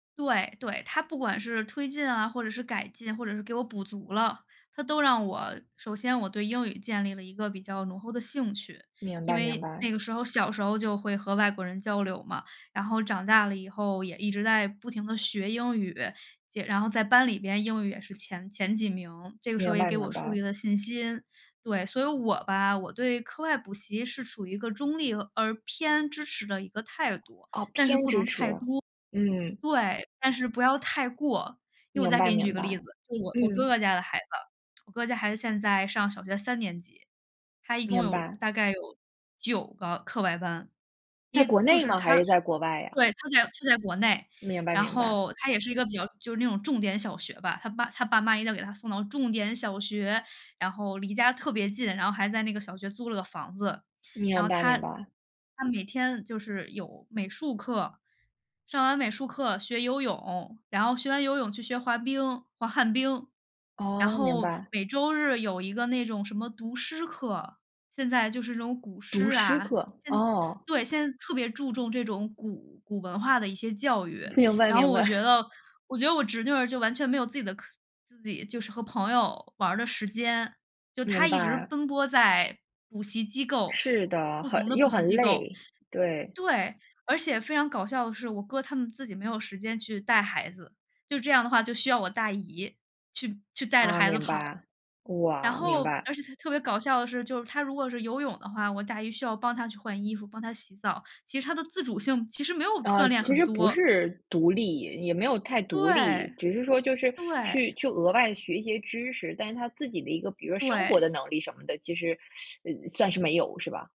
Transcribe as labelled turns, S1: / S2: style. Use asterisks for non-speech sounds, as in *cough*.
S1: 对，对，它不管是推进啊，或者是改进，或者是给我补足了，它都让我首先我对英语建立了一个比较浓厚的兴趣，
S2: 明
S1: 因
S2: 白明
S1: 为那
S2: 白。
S1: 个时候小时候就会和外国人交流嘛，然后长大了以后也一直在不停地学英语，且然后在班里边英语也是前前几名，这个时候
S2: 明
S1: 也
S2: 白
S1: 给
S2: 明
S1: 我树立
S2: 白。
S1: 了信心。对，所以我吧，我对课外补习是处于一个中立而偏支持的一个态度，
S2: 哦，
S1: 但
S2: 偏支持，嗯。
S1: 是不能太多。对，但是不要太过，因为我
S2: 明
S1: 再
S2: 白
S1: 给你举
S2: 明
S1: 个例子，
S2: 白。
S1: 就是我我哥
S2: 嗯。
S1: 哥家的孩子，我哥家孩子现在上小学3年级，她一共
S2: 明
S1: 有
S2: 白。
S1: 大概有9个课外班，
S2: 在
S1: 一
S2: 国
S1: 就
S2: 内
S1: 是
S2: 吗？还
S1: 她她
S2: 是在国外呀？
S1: 对，她在她在国内，
S2: 明白
S1: 然
S2: 明白。
S1: 后她也是一个比较就是那种重点小学吧，她爸她爸妈要给她送到重点小学，然后离家特别近，然后还在那个小学租了个房子，然
S2: 明
S1: 后
S2: 白
S1: 她
S2: 明白。
S1: 她每天就是有美术课，上完美术课学游泳，然后学完游泳去学滑冰，滑旱冰。然
S2: 哦，明
S1: 后
S2: 白。
S1: 每周日有一个那种什么读诗课，现在就是那种古
S2: 读
S1: 诗
S2: 诗
S1: 啊。
S2: 课，
S1: 现在
S2: 哦。
S1: 对，现在特别注重这种古古文化的一些教育，
S2: 明白
S1: 然后
S2: 明
S1: 我
S2: 白。
S1: 觉得
S2: *chuckles*
S1: 我觉得我侄女儿就完全没有自己的课自己就是和朋友玩儿的时间，就她
S2: 明
S1: 一直
S2: 白。
S1: 奔波在补习机构，
S2: 是的，
S1: 不
S2: 很
S1: 同的补
S2: 又
S1: 习
S2: 很
S1: 机构。
S2: 累，对。
S1: 对，而且非常搞笑的是，我哥他们自己没有时间去带孩子，就这样的话，就需要我大姨，去去带着
S2: 啊，
S1: 孩子
S2: 明
S1: 跑。
S2: 白，
S1: 然
S2: 哇！明
S1: 后
S2: 白。
S1: 而且她特别搞笑的是，就是她如果是游泳的话，我大姨需要帮她去换衣服、帮她洗澡，其实她的自主性其实没有
S2: 呃，
S1: 锻炼
S2: 其
S1: 很
S2: 实不
S1: 多。
S2: 是独立，也没有太独立，
S1: 对，
S2: 只是说就是
S1: 对。
S2: 去去额的外学些知识，但是她自己的一个比如说生活的
S1: 对。
S2: 能力什么的，其实，*sucks teeth* 呃，算是没有是吧？